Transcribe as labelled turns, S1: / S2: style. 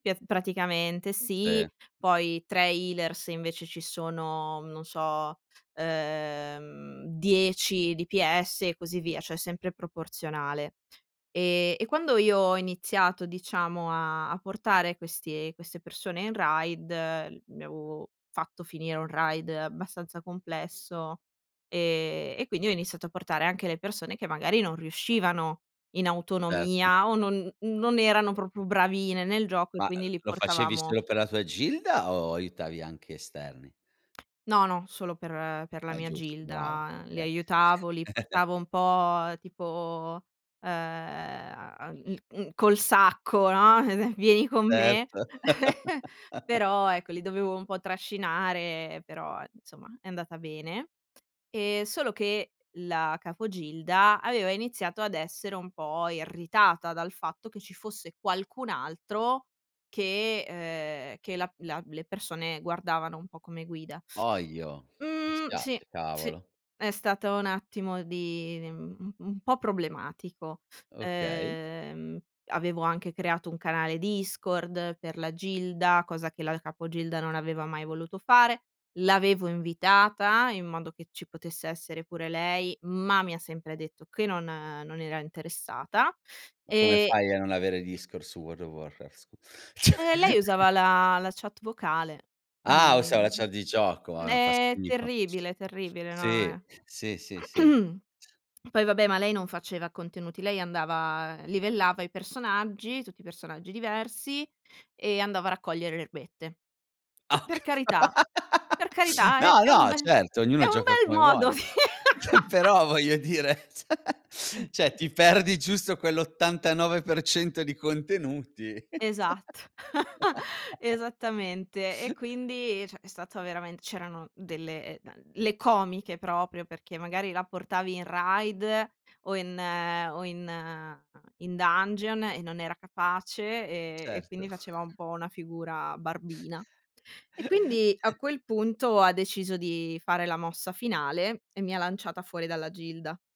S1: Pies praticamente
S2: Si.
S1: sì, poi tra healers invece ci sono, non so, ehm 10 DPS e così via, cioè sempre proporzionale. E e quando io ho iniziato diciamo a a portare questi queste persone in Raid, mi avevo fatto finire un Raid abbastanza complesso, ehm, e quindi ho iniziato a portare anche le persone che magari non riuscivano in
S2: Certo.
S1: autonomia, o non non erano proprio bravine nel gioco e
S2: Ma, uhm,
S1: quindi li
S2: lo facevi
S1: portavamo
S2: solo per la tua gilda, o aiutavi anche esterni?
S1: No, no, solo per per la
S2: Ah, è
S1: mia
S2: giusto, brava.
S1: gilda. Li
S2: Okay.
S1: aiutavo, li portavo un po' tipo ehm, uhm, mhmm, col sacco, no, "Vieni con me."
S2: Certo.
S1: Però ecco li dovevo un po' trascinare, però insomma è andata bene. Ehm, solo che la capo gilda, aveva iniziato ad essere un po' irritata dal fatto che ci fosse qualcun altro che uhm, che la la le persone guardavano un po' come guida.
S2: Ohio, mi
S1: Mhmm, sì,
S2: spiace
S1: sì,
S2: cavolo.
S1: è stato un attimo di u un po' problematico.
S2: Okay.
S1: Ehm, avevo anche creato un canale Discord per la gilda, cosa che la capo gilda non aveva mai voluto fare. L'avevo invitata, in modo che ci potesse essere pure lei, ma mi ha sempre detto che non non era interessata
S2: Ma come
S1: e
S2: fai a non avere Discord su World of Warcraft, scu cioè!
S1: Ehm, lei usava la la chat vocale.
S2: Ah us la chat
S1: [unintelligible]
S2: di gioco, ah fa
S1: È
S2: schifo.
S1: terribile, terribile, no
S2: Sì,
S1: eh
S2: sì, sì, sì, sì.
S1: poi vabbè, ma lei non faceva contenuti, lei andava livellava i personaggi, tutti i personaggi diversi, e andava a raccogliere le erbette.
S2: Ah
S1: Che
S2: ho
S1: per
S2: cap
S1: carità per carità è
S2: no,
S1: è un
S2: no,
S1: bel
S2: certo, ognuno
S1: è un
S2: gioca
S1: bel
S2: come
S1: modo di
S2: vuole. Però, voglio dire, cioè- cioè ti perdi giusto quel 89% di contenuti, cioè!
S1: Esatto, esattamente. E quindi, cioè è stato veramen c'erano delle, uhm, le comiche proprio perché magari la portavi in Raid o in o in in Dungeon e non era capace e e
S2: Certo.
S1: quindi faceva un po' una figura barbina. E quindi a quel punto, ha deciso di fare la mossa finale, e mi ha lanciata fuori dalla gilda.